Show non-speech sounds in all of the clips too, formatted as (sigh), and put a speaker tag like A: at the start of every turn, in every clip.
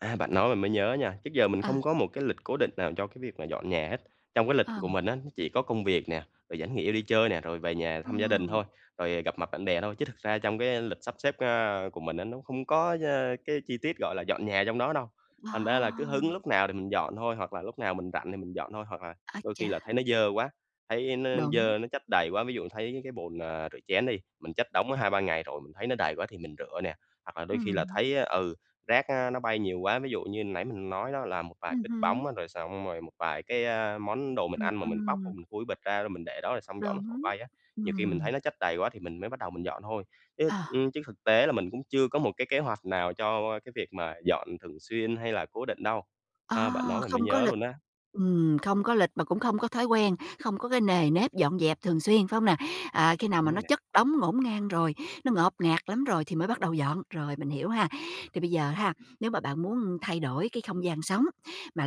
A: À, bạn nói mình mới nhớ nha. Trước giờ mình
B: À.
A: không có một cái lịch cố định nào cho cái việc mà dọn nhà hết. Trong cái lịch của
B: Ừm.
A: mình á, nó chỉ có công việc nè, rồi vẫn nghỉ đi chơi nè, rồi về nhà thăm gia đình
B: Ừm.
A: thôi, rồi gặp mặt bạn bè thôi. Chứ thực ra trong cái lịch sắp xếp, a, của mình á nó không có, ơ, cái chi tiết, gọi là, dọn nhà trong đó đâu, thành ra là cứ hứng
B: À!
A: lúc nào thì mình dọn thôi. Hoặc là lúc nào mình rảnh thì mình dọn thôi, hoặc là
B: Ái
A: đôi khi là
B: chà.
A: thấy nó dơ quá, thấy nó
B: Đúng.
A: dơ nó chất đầy quá. Ví dụ thấy cái bồn, ờ, rửa chén đi, mình chất đống đó 2-3 ngày rồi mình thấy nó đầy quá thì mình rửa nè. Hoặc là đôi khi là
B: Ừm.
A: thấy, ừ, rác, ơ, nó bay nhiều quá, ví dụ như nãy mình nói đó, là một vài cái
B: Ừm
A: bịch
B: hứm.
A: bóng, rồi xong rồi một vài cái, a, món đồ mình
B: Ừm,
A: ăn mà mình bóc
B: ừm.
A: mình khui bịch ra rồi mình để đó, rồi xong gió nó thổi
B: Đúng,
A: bay á. Nhiều khi mình
B: ừm.
A: thấy nó chất đầy quá thì mình mới bắt đầu mình dọn thôi. Chứ,
B: À.
A: ưm, chứ thực tế là mình cũng chưa có một cái kế hoạch nào cho cái việc mà dọn thường xuyên hay là cố định đâu. Ờ, bạn
B: À!
A: nói mình mới
B: Không có
A: nhớ
B: lịch.
A: luôn á.
B: Ừm, không có lịch mà cũng không có thói quen, không có cái nề nếp dọn dẹp thường xuyên, phải hông nè? À, khi nào mà
A: Đúng rồi
B: nó
A: nè.
B: chất đống ngổn ngang rồi, nó ngộp ngạt lắm rồi thì mới bắt đầu dọn. Rồi, mình hiểu ha. Thì bây giờ ha, nếu mà bạn muốn thay đổi cái không gian sống mà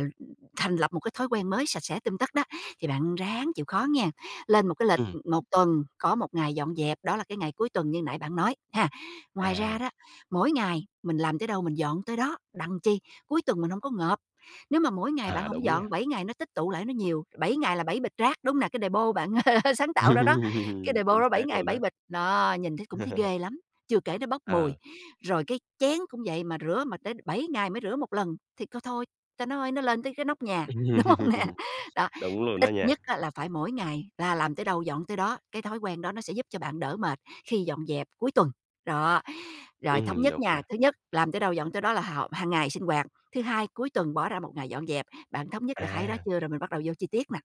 B: thành lập một cái thói quen mới sạch sẽ tươm tất đó, thì bạn ráng chịu khó nghen. Lên một cái lịch,
A: Ừm.
B: ừm, 1 tuần có 1 ngày dọn dẹp, đó là cái ngày cuối tuần như nãy bạn nói, ha. Ngoài ra
A: À.
B: đó, mỗi ngày mình làm tới đâu mình dọn tới đó, đặng chi? Cuối tuần mình hông có ngộp. Nếu mà mỗi ngày bạn
A: À,
B: hổng
A: đúng nha.
B: dọn, 7 ngày nó tích tụ lại nó nhiều, 7 ngày là 7 bịch rác, đúng hông nè? Cái đề-pô bạn (laughs) sáng tạo ra đó, cái
A: (laughs)
B: đề-pô
A: Chính
B: đó 7
A: xác
B: ngày
A: luôn
B: 7
A: á.
B: bịch đó nhìn thấy cũng thấy
A: (laughs)
B: ghê lắm, chưa kể nó bốc
A: Ờ.
B: mùi. Rồi cái chén cũng vậy, mà rửa mà tới 7 ngày mới rửa 1 lần thì c thôi, ta nói nó lên tới cái nóc nhà, đúng hông nè?
A: (laughs)
B: Đó,
A: Đúng luôn á
B: ít
A: nha.
B: nhất á, là phải mỗi ngày là làm tới đâu dọn tới đó. Cái thói quen đó nó sẽ giúp cho bạn đỡ mệt khi dọn dẹp cuối tuần. Đó, rồi thống
A: Ừm,
B: nhất
A: đúng
B: nha,
A: nè.
B: thứ nhất, làm tới đâu dọn tới đó là h hàng ngày sinh hoạt. Thứ hai, cuối tuần bỏ ra 1 ngày dọn dẹp. Bạn thống nhất được 2 đó
A: À!
B: chưa, rồi mình bắt đầu vô chi tiết nè?